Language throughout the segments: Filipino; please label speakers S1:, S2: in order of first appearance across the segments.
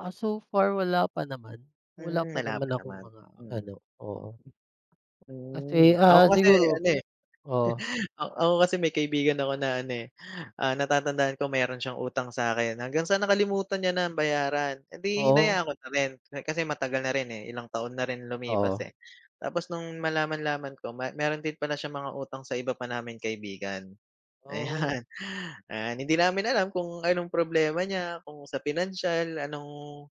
S1: Ah, so far wala pa naman, wala
S2: Hmm,
S1: pa
S2: wala
S1: naman
S2: pa
S1: akong
S2: naman,
S1: mga
S2: mm.
S1: ano, oo. Kasi,
S2: Hmm, ako
S1: ah,
S2: kasi
S1: siguro
S2: ano, eh.
S1: oo.
S2: Ah, ako kasi may kaibigan ako na ano, eh, ah, natatandaan ko mayro'n siyang utang sa'kin hanggang sa nakalimutan niya nang bayaran, eh, 'di
S1: Oo.
S2: hinayaan ko na rin kasi matagal na rin, eh, ilang taon na rin lumipas,
S1: Oo.
S2: eh. Tapos nung malaman-laman ko ma mayro'n din pala siyang mga utang sa iba pa naming kaibigan,
S1: Oh.
S2: ayan. Ah, hindi namin alam kung anong problema niya, kung sa pinansyal, anong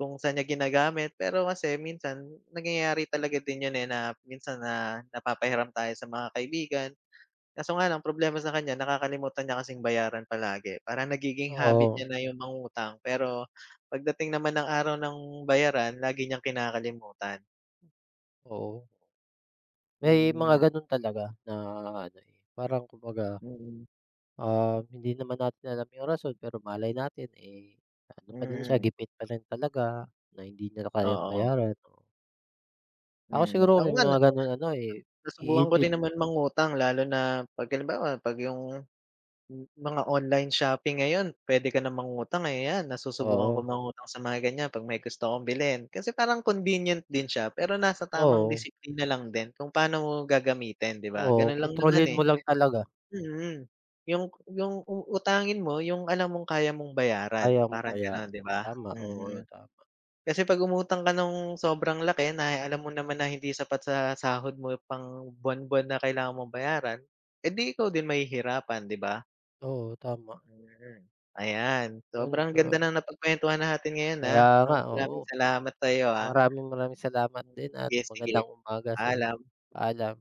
S2: kung saan niya ginagamit. Pero kasi minsan nangyayari talaga din 'yon, eh, na minsan na napapahiram tayo sa mga kaibigan. Kaso nga lang problema sa kanya nakakalimutan niya kasing bayaran palagi, parang nagiging habit
S1: Oo.
S2: niya na yung mangutang. Pero pag dating naman ng araw ng bayaran lagi niyang kinakalimutan.
S1: Oo. May mga
S2: Hmm.
S1: gano'n talaga na ano, eh, parang kumbaga,
S2: Mm.
S1: um, hindi naman natin alam yung rason pero malay natin, eh, ano pa din siya
S2: Mm.
S1: gipit pa rin talaga na hindi niya na kayang
S2: Oo.
S1: bayaran. Ako
S2: Mm,
S1: siguro
S2: ako
S1: may
S2: nga na
S1: mga gano'n ano, eh,
S2: nasubukan ko
S1: iintin
S2: din naman mangutang lalo na pag halimbawa pag yung mga online shopping ngayon puwede ka na mangutang ayan, nasusubukan ko
S1: Oo.
S2: mangutang sa mga ganyan, pag may gusto akong bilhin. Kasi parang convenient din siya, pero nasa tamang
S1: Oo.
S2: disiplina lang din kung paano mo gagamitin 'di ba,
S1: Oo,
S2: gano'n lang naman,
S1: kontrolin
S2: eh.
S1: mo lang talaga.
S2: Mm, yung yung uutangin mo yung alam mong kaya mong bayaran,
S1: Kaya mo
S2: parang
S1: kaya,
S2: ganon 'di ba?
S1: tama, oo,
S2: Mm,
S1: tama.
S2: kasi pag umutang ka nung sobrang laki na alam mo naman na hindi sapat sa sahod mo pang buwan-buwan na kailangan mong bayaran, eh, di ikaw din mahihirapan 'di ba?
S1: Oo, tama.
S2: Mm, ayan.
S1: 'Yon
S2: Sobrang ganda
S1: sa
S2: ng napag-kuwentuhan natin ngayon,
S1: Kaya
S2: ah,
S1: nga,
S2: um,
S1: oo.
S2: maraming salamat sa'yo, ah.
S1: Maraming maraming salamat
S2: Hmm,
S1: din at magandang
S2: sige-sige.
S1: umaga sa'yo.
S2: Paalam.
S1: Paalam.